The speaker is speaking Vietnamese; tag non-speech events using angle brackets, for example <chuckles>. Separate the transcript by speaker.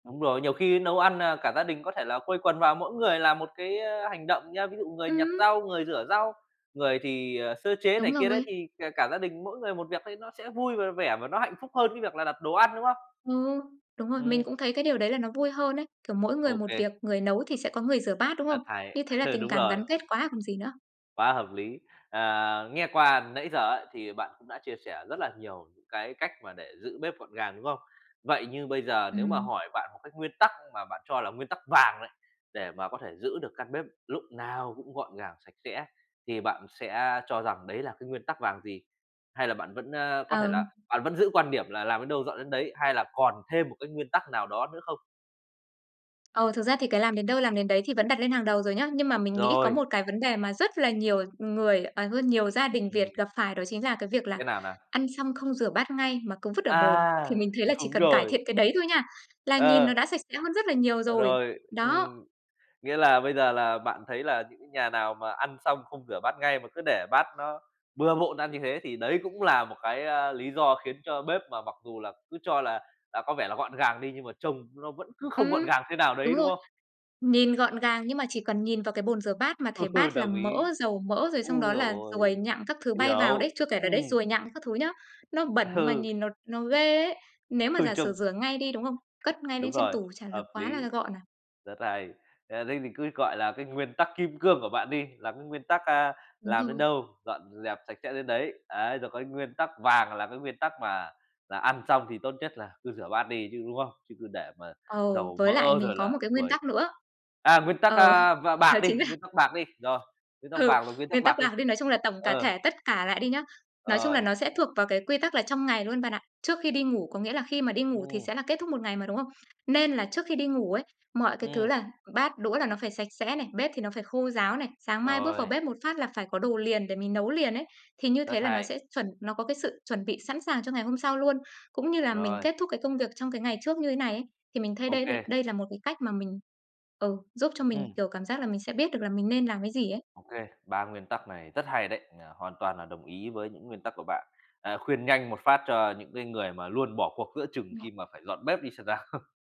Speaker 1: Đúng rồi, nhiều khi nấu ăn, à, cả gia đình có thể là quây quần vào mỗi người làm một cái, ơ, hành động nhớ. Ví dụ người nhặt
Speaker 2: Ừm.
Speaker 1: rau, người rửa rau, người thì, ờ, sơ chế này
Speaker 2: Đúng
Speaker 1: kia đấy,
Speaker 2: rồi.
Speaker 1: thì cả cả gia đình mỗi người một việc thấy nó sẽ vui v vẻ và nó hạnh phúc hơn cái việc là đặt đồ ăn, đúng không?
Speaker 2: Ừ, đúng rồi. Mình
Speaker 1: Ừm.
Speaker 2: cũng thấy cái điều đấy là nó vui hơn ấy. Kiểu mỗi người
Speaker 1: Ô
Speaker 2: một
Speaker 1: kê.
Speaker 2: việc, người nấu thì sẽ có người rửa bát, đúng không?
Speaker 1: Rất hay.
Speaker 2: Như thế là
Speaker 1: Ừ,
Speaker 2: tình
Speaker 1: đúng
Speaker 2: cảm
Speaker 1: rồi.
Speaker 2: gắn kết quá còn gì nữa.
Speaker 1: Quá hợp lý. Ờ, nghe qua nãy giờ ấy thì bạn cũng đã chia sẻ rất là nhiều những cái cách mà để giữ bếp gọn gàng, đúng không? Vậy như bây giờ nếu mà
Speaker 2: Ừm.
Speaker 1: hỏi bạn một cái nguyên tắc mà bạn cho là nguyên tắc vàng đấy, để mà có thể giữ được căn bếp lúc nào cũng gọn gàng, sạch sẽ thì bạn sẽ cho rằng đấy là cái nguyên tắc vàng gì? Hay là bạn vẫn, a, có thể
Speaker 2: Ờm.
Speaker 1: là bạn vẫn giữ quan điểm là làm đến đâu dọn đến đấy, hay là còn thêm một cái nguyên tắc nào đó nữa không?
Speaker 2: Ờ, thực ra thì cái làm đến đâu, làm đến đấy thì vẫn đặt lên hàng đầu rồi nhá. Nhưng mà mình nghĩ có
Speaker 1: Rồi.
Speaker 2: một cái vấn đề mà rất là nhiều người ờ, hơn nhiều gia đình Việt
Speaker 1: Ừm.
Speaker 2: gặp phải đó chính là cái việc là
Speaker 1: Cái nào nào?
Speaker 2: ăn xong không rửa bát ngay mà cứ vứt ở bồn. Thì
Speaker 1: À,
Speaker 2: mình thấy là chỉ
Speaker 1: đúng
Speaker 2: cần cải thiện
Speaker 1: rồi.
Speaker 2: cái đấy thôi nha là nhìn
Speaker 1: Ờ.
Speaker 2: nó đã sạch sẽ hơn rất là nhiều
Speaker 1: Ờ,
Speaker 2: rồi.
Speaker 1: rồi,
Speaker 2: Đó.
Speaker 1: ừm. Nghĩa là bây giờ là bạn thấy là những cái nhà nào mà ăn xong không rửa bát ngay mà cứ để bát nó bừa bộn ra như thế thì đấy cũng là một cái, à, lý do khiến cho bếp mà mặc dù là cứ cho là, à, có vẻ là gọn gàng đi nhưng mà trông nó vẫn cứ không gọn
Speaker 2: Ừm.
Speaker 1: gàng thế nào
Speaker 2: Đúng
Speaker 1: đấy, đúng
Speaker 2: rồi.
Speaker 1: không?
Speaker 2: Nhìn gọn gàng nhưng mà chỉ cần nhìn vào cái bồn rửa bát mà thấy
Speaker 1: <laughs>
Speaker 2: bát là
Speaker 1: Đồng ý.
Speaker 2: mỡ, dầu mỡ, rồi xong
Speaker 1: Ôi
Speaker 2: đó
Speaker 1: giời
Speaker 2: là ruồi
Speaker 1: ơi,
Speaker 2: nhặng các thứ bay vào
Speaker 1: hiểu,
Speaker 2: đấy. Chưa kể là đấy,
Speaker 1: ừm.
Speaker 2: ruồi nhặng các thứ nhớ, nó bẩn mà
Speaker 1: Ừ.
Speaker 2: nhìn nó nó ghê ấy. Nếu mà
Speaker 1: Ừ,
Speaker 2: giả sử
Speaker 1: trông
Speaker 2: rửa ngay đi, đúng không? Cất ngay
Speaker 1: Đúng
Speaker 2: lên trên
Speaker 1: rồi,
Speaker 2: tủ chả là
Speaker 1: hợp
Speaker 2: quá
Speaker 1: lý.
Speaker 2: là gọn à?
Speaker 1: Rất hay. Ờ, thì cứ, gọi là, cái nguyên tắc kim cương của bạn đi, lắm nguyên tắc, a,
Speaker 2: Đúng
Speaker 1: làm đến
Speaker 2: rồi.
Speaker 1: đâu, dọn dẹp sạch sẽ đến đấy, ấy rồi cái nguyên tắc vàng là cái nguyên tắc mà là ăn xong thì tốt nhất là cứ rửa bát đi chứ, đúng không? Chứ cứ để mà
Speaker 2: Ừ,
Speaker 1: dầu
Speaker 2: với lại
Speaker 1: mỡ
Speaker 2: mình
Speaker 1: rồi
Speaker 2: có một
Speaker 1: là
Speaker 2: cái nguyên
Speaker 1: ruồi.
Speaker 2: tắc nữa.
Speaker 1: À, nguyên tắc,
Speaker 2: Ờ,
Speaker 1: a, và
Speaker 2: đó
Speaker 1: bạc đi,
Speaker 2: chính là
Speaker 1: nguyên tắc bạc đi. Rồi. Nguyên tắc
Speaker 2: Ừ,
Speaker 1: vàng rồi, nguyên tắc
Speaker 2: nguyên tắc
Speaker 1: bạc đi.
Speaker 2: bạc đi, nói chung là tổng cả
Speaker 1: Ờ.
Speaker 2: thể tất cả lại đi nhá. Nói chung là
Speaker 1: Rồi.
Speaker 2: nó sẽ thuộc vào cái quy tắc là trong ngày luôn bạn ạ. Trước khi đi ngủ, có nghĩa là khi mà đi ngủ thì
Speaker 1: Ừm.
Speaker 2: sẽ là kết thúc một ngày mà, đúng không? Nên là trước khi đi ngủ ấy, mọi cái thứ
Speaker 1: Ừm.
Speaker 2: là bát, đũa là nó phải sạch sẽ này, bếp thì nó phải khô ráo này, sáng mai bước vào
Speaker 1: Rồi.
Speaker 2: bếp một phát là phải có đồ liền để mình nấu liền ấy. Thì như
Speaker 1: Rất
Speaker 2: thế là nó
Speaker 1: hay.
Speaker 2: sẽ chuẩn nó có cái sự chuẩn bị sẵn sàng cho ngày hôm sau luôn. Cũng như là mình
Speaker 1: Rồi.
Speaker 2: kết thúc cái công việc trong cái ngày trước như thế này ấy, thì mình thây
Speaker 1: Ô
Speaker 2: đây
Speaker 1: kê.
Speaker 2: đây là một cái cách mà mình ừ, giúp cho mình
Speaker 1: Ừm.
Speaker 2: kiểu cảm giác là mình sẽ biết được là mình nên làm cái gì ấy.
Speaker 1: Ô kê, 3 nguyên tắc này rất hay đấy, ờ, hoàn toàn là đồng ý với những nguyên tắc của bạn. Ờ, khuyên nhanh một phát cho những cái người mà luôn bỏ cuộc giữa chừng
Speaker 2: <unintelligible>
Speaker 1: khi mà phải dọn bếp đi xem nào? <chuckles>